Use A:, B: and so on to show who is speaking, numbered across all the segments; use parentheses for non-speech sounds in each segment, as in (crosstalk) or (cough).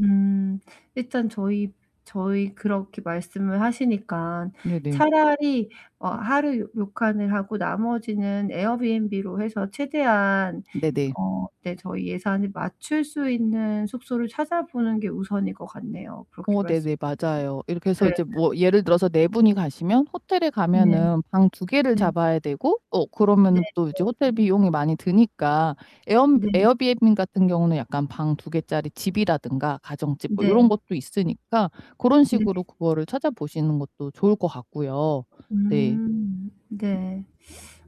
A: 음. 일단 저희 저희 그렇게 말씀을 하시니깐
B: 네네.
A: 차라리 어 하루 료칸을 하고 나머지는 에어비앤비로 해서 최대한
B: 네네.
A: 어 네 저희 예산을 맞출 수 있는 숙소를 찾아보는 게 우선일 것 같네요. 그렇게
B: 어
A: 말씀해
B: 네네
A: 주시니까.
B: 맞아요. 이렇게
A: 네
B: 해서 이제
A: 네.
B: 뭐 예를 들어서 4 분이 가시면 호텔에
A: 네.
B: 가면은 방 2 개를
A: 네.
B: 잡아야 되고 어
A: 네
B: 그러면은 또
A: 네
B: 이제 호텔
A: 네.
B: 비용이 많이 드니까 에엄
A: 네.
B: 에어비앤비 같은 경우는 약간 방 2 개 짜리 집이라든가 가정집 뭐 요런
A: 네.
B: 것도 있으니까 그런
A: 네.
B: 식으로 그거를 찾아보시는 것도 좋을 것 같고요. 네.
A: 음 네.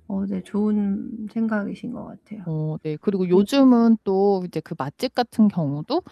A: 어 네 좋은 생각이신 것 같아요.
B: 어 네. 그리고
A: 그리고
B: 요즘은 또 이제 그 맛집 같은 경우도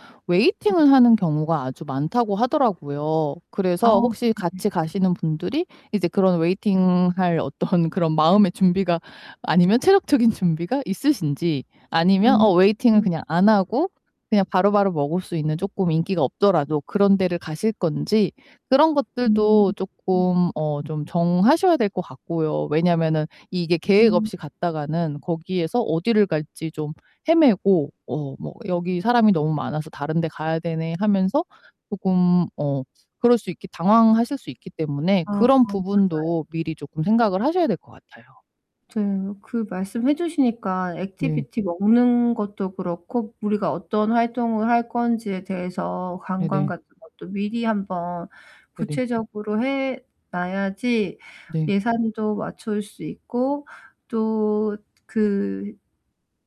A: 음.
B: 웨이팅을 하는 경우가 아주 많다고 하더라고요.
A: 아
B: 그래서 혹시
A: 네네.
B: 같이 가시는 분들이 이제 그런 웨이팅 할 어떤 그런 마음의 준비가 아니면 체력적인 준비가 있으신지 아니면
A: 음
B: 어 웨이팅을
A: 음.
B: 그냥 안 하고 그냥 바로바로 먹을 수 있는 쪼끔 인기가 없더라도 그런 데를 가실 건지 그런
A: 음
B: 것들도
A: 음.
B: 쪼끔 어 좀 정하셔야 될 것 같고요. 왜냐면은 이게 계획
A: 음.
B: 없이 갔다가는 거기에서 어디를 갈지 좀 헤매고 어 뭐 "여기 사람이 너무 많아서 다른 데 가야 되네." 하면서 쪼끔 어 그럴 수 있기 당황하실 수 있기 때문에
A: 아
B: 그런
A: 맞아요.
B: 부분도 미리 쪼끔 생각을 하셔야 될 것 같아요.
A: 저 그 말씀 해 주시니까
B: 네.
A: 액티비티 먹는 것도 그렇고 우리가 어떤 활동을 할 건지에 대해서 관광
B: 네네.
A: 같은 것도 미리 한번
B: 네네.
A: 구체적으로 해 놔야지
B: 네.
A: 예산도 맞출 수 있고 또 그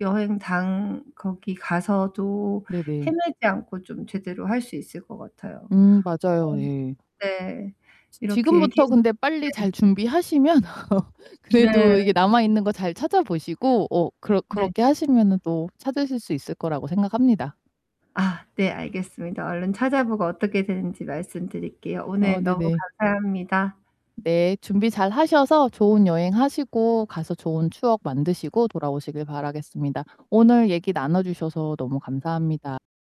A: 여행 당 거기 가서도
B: 네네.
A: 헤매지 않고 좀 제대로 할 수 있을 것 같아요.
B: 음 맞아요.
A: 어
B: 예.
A: 네.
B: 지
A: 이렇게 얘기해
B: 지금부터
A: 줘
B: 근데 빨리
A: 네.
B: 잘 준비하시면 (laughs)
A: 네.
B: 그래도 이게 남아 있는 거 잘 찾아보시고 어 그렇
A: 네.
B: 그렇게 하시면은 또 찾으실 수 있을 거라고 생각합니다.
A: 아 네 알겠습니다. 얼른 찾아보고 어떻게 되는지 말씀드릴게요.
B: 어
A: 오늘 너무
B: 네네.
A: 감사합니다.
B: 네. 준비 잘하셔서 좋은 여행하시고 가서 좋은 추억 만드시고 돌아오시길 바라겠습니다. 오늘 얘기 나눠 주셔서 너무 감사합니다.